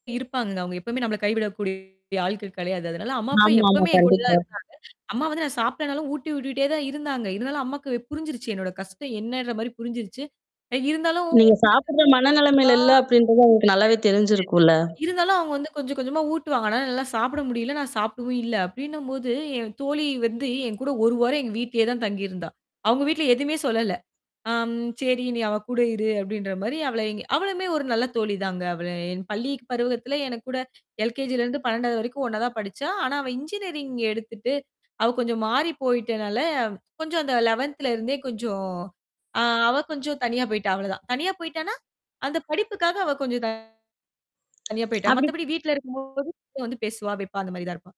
இருப்பாங்கங்க. அவங்க எப்பவுமே நம்மளை கைவிடக்கூடிய ஆட்கள் கிடையாது. அதனால, அம்மா அப்பா ஆமா, ஆமா, எப்பவுமே என்கூட தான் கண்டிப்பா. இருந்தாங்க. அம்மா வந்து நான் சாப்டேனாலும், ஊட்டி விட்டுட்டே தான் இருந்தாங்க. இருந்தாலும் அம்மாக்கு புரிஞ்சிருச்சு என்னோட கஷ்டம் என்னன்ற மாரி புரிஞ்சிருச்சு. அ இருந்தாலும். [unintelligible] நீங்கச் சாப்பிடுற அ. மனநிலமைல இல்ல தெரிஞ்சிருச்சு. அப்படின்றது அவங்களுக்கு நல்லாவே தெரிஞ்சிருக்கும்ல்ல? இருந்தாலும் அவங்க வந்து கொஞ்சம், கொஞ்சமா ஊட்டுவாங்க. ஆனா என்னால சாப்பிட முடியல. நான் சாப்பிடவும் இல்ல அப்படின்னும் போது, என் தோழி வந்து என்கூட 1 வாரம் எங்க வீட்டிலயே தான் தங்கி இருந்தா. அவங்க வீட்டுல எதுவுமே சொல்லல. அம் சரி, நீ அவ கூட இரு, அப்படின்ற மாரி அவளை அவளுமே ஒரு நல்ல தோழி தாங்க. அவ என் பள்ளி பருவத்துல எனக்கூட எல் கே ஜி ல இருந்து 12வது வரைக்கும் ஒண்ணா தான் படிச்சா. ஆனா அவ இன்ஜினியரிங் எடுத்துட்டு அவ கொஞ்சம் மாறிப் போயிட்டனால, கொஞ்சம் அந்த 11த்ல இருந்தே கொஞ்சம் அ அவ கொஞ்சம் தனியா போயிட்டா, அவ்ளோ தான். தனியா போயிட்டான்னா, அந்த படிப்புக்காக அவ கொஞ்சம் தனியா போயிட்டா. அப்டி மத்தபடி வீட்டுல இருக்கும்போது வந்து பேசுவா, வைப்பா, அந்த மாதிரி தான் இருப்பா.